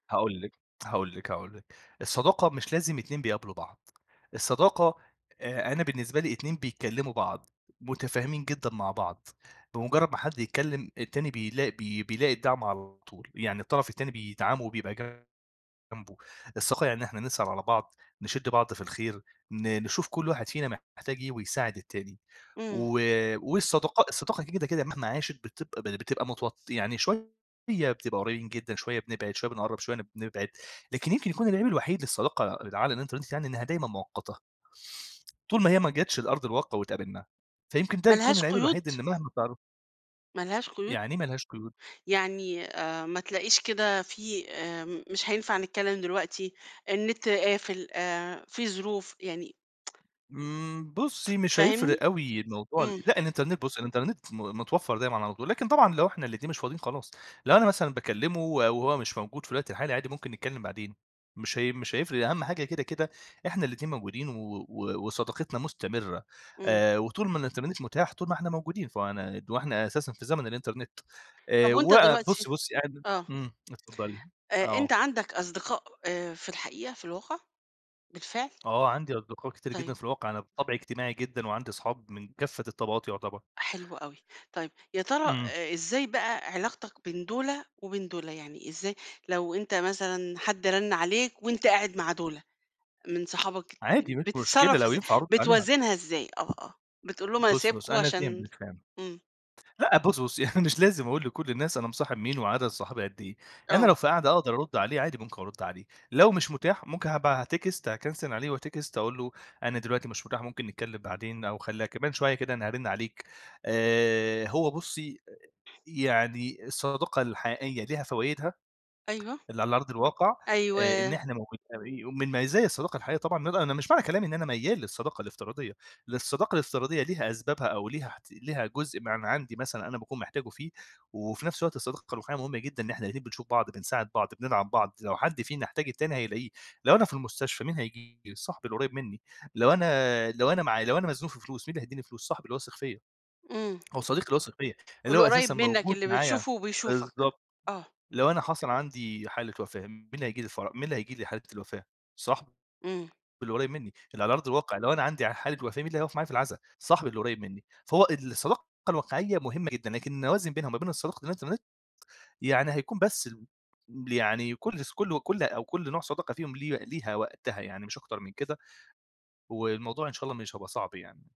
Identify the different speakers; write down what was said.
Speaker 1: هاقول لِك، هاقول لِك، هاقول لِك. الصداقة مش لازم اتنين بيقابلوا بعض، الصداقة آآ، أنا بالنسبة لي اتنين بيتكلموا بعض، متافهمين جدًا مع بعض، بمُجرّد ما حد يتكلم التاني بيلاق بي بيلاقي الدّعم على طول، يعني الطرف التاني بيدعمه وبيبقى جنبه، الصداقة يعني إن إحنا نسأل على بعض، نشد بعض في الخير، ن نشوف كل واحد فينا محتاج إيه ويساعد التاني،
Speaker 2: إمم.
Speaker 1: و والصداقا الصداقة دي كده كده مهما عاشت بتبقى بتبقى متو يعني شوية بتبقى قريبين جدًا شوية بنبعد شوية بنقرّب شوية بنبعد، لكن يمكن يكون العيب الوحيد للصداقة اللي على الانترنت يعني إنّها دايمًا مؤقّتة. طول ما هي ما جاتش لأرض الواقع واتقابلنا، فيمكن ده
Speaker 2: ما
Speaker 1: يكون
Speaker 2: لهاش
Speaker 1: العيب الوحيد
Speaker 2: قيود؟
Speaker 1: إن مهما تعرّ
Speaker 2: ما لهاش قيود؟
Speaker 1: يعني إيه ما لهاش قيود؟
Speaker 2: يعني آآ، ما تلاقيش كده في آمم، مش هينفع نتكلّم دلوقتي، النت قافل آآ، في ظروف، يعني
Speaker 1: إمم، بُصي مش
Speaker 2: فاهمني؟
Speaker 1: هيفرق أوي الموضوع ال
Speaker 2: إمم.
Speaker 1: لأ الإنترنت بُصي الإنترنت م متوفر دايمًا على طول، لكن طبعًا لو إحنا الاتنين مش فاضين خلاص، لو أنا مثلًا باكلّمه وهو مش موجود في الوقت الحالي عادي ممكن نتكلم بعدين، مش هي مش هيفرق أهم حاجة كده كده إحنا الاتنين موجودين و و وصداقتنا مستمرة
Speaker 2: إمم.
Speaker 1: آآ وطول ما الإنترنت متاح طول ما إحنا موجودين، فأنا وإحنا أساسًا في زمن الإنترنت
Speaker 2: طب
Speaker 1: آآ
Speaker 2: وأنت
Speaker 1: و
Speaker 2: دلوقتي
Speaker 1: بُصي بُصي أنا
Speaker 2: آه.
Speaker 1: إمم، اتفضّلي،
Speaker 2: آآ، أنت
Speaker 1: آه.
Speaker 2: عندك أصدقاء آآ، في الحقيقة، في الواقع بالفعل؟
Speaker 1: آه عندي أصدقاء كتير
Speaker 2: طيب.
Speaker 1: جدًا في الواقع أنا بطبعي اجتماعي جدًا، وعندي أصحاب من كافّة الطبقات يُعتبر.
Speaker 2: حلو أوي. طيب، يا ترى
Speaker 1: إمم.
Speaker 2: أ إزاي بقى علاقتك بين دُولا وبين دُولا؟ يعني إزاي لو أنت مثلًا حد رن عليك وأنت قاعد مع دُولا من صحابك
Speaker 1: عادي مش مشكلة
Speaker 2: بتتصرف
Speaker 1: لو
Speaker 2: إزاي؟
Speaker 1: ينفع أرد عليه ها
Speaker 2: بتوازنها إزاي؟ آه، آه، بتقول لهم أنا
Speaker 1: بُصي،
Speaker 2: سايبكم
Speaker 1: بُصي، أنا
Speaker 2: عشان
Speaker 1: فِهمتِك، فِهمتِ
Speaker 2: إمم.
Speaker 1: لأ بُصي، بُصي، يعني مش لازم أقول لكل الناس أنا مصاحب مين وعدد صحابي قد إيه، أنا
Speaker 2: آه.
Speaker 1: لو في قعدة أقدر أرُدّ عليه عادي ممكن أرُدّ عليه، لو مش مُتاح ممكن هاب أتكست هاكَنسِل عليه وأتكست أقول له أنا دلوقتي مش مُتاح، ممكن نتكلم بعدين أو خلّيها كمان شوية كده أنا هارِنّ عليك. آآ، هو بُصي يعني الصداقة الحقيقية ليها فوايدها
Speaker 2: أيوه.
Speaker 1: اللي على أرض الواقع آآ، إن
Speaker 2: أيوه.
Speaker 1: إحنا موجودين ومن مزايا الصداقة الحقيقية طبعًا إن أنا أنا مش معنى كلامي إن أنا ميّال للصداقة الافتراضية، للصداقة الافتراضية ليها أسبابها أو ليها ليها جزء من عندي مثلًا أنا باكون محتاجه فيه، وفي نفس الوقت الصداقة الرّوحيّة مُهمة جدًا إن إحنا الاتنين بنشوف بعض بنساعد بعض، بندعم بعض، لو حدّ فينا يحتاج التاني هيلاقيه، لو أنا في المستشفى مين هييجي؟ صاحبي القريب منّي لو أنا لو أنا معايا لو أنا مزنوق في فلوس، مين اللي هيديني فلوس؟ صاحبي اللي هو واثق فيَّ.
Speaker 2: إمم.
Speaker 1: هو صديقي اللي واثق فيَّ اللي هو
Speaker 2: القُريّب
Speaker 1: أساسًا
Speaker 2: منّك
Speaker 1: موجود
Speaker 2: اللي
Speaker 1: معايا
Speaker 2: بتشوفه وبيشوفك.
Speaker 1: بالضبط.
Speaker 2: آه.
Speaker 1: لو أنا حصل عندي حالة وفاة، مين هييجي لي الفَرَ مين اللي هييجي لي حالة الوفاة؟ صاحبي
Speaker 2: إمم.
Speaker 1: اللي قريب منّي اللي على أرض الواقع لو أنا عندي حالة وقاة مين اللي هيُقف معايا في العزا؟ صاحبي اللي قريب منّي، فهو الصداقة الواقعية مهمة جدًا، لكن إنّي أوازن بينها وما بين صداقة الانترنت، يعني هيكون بس ال يعني كل ص كل كل أو كل نوع صداقة فيهم ليه ليها وقتها يعني مش أكتر من كده. والموضوع إن شاء الله مش هيبقى صعب يعني.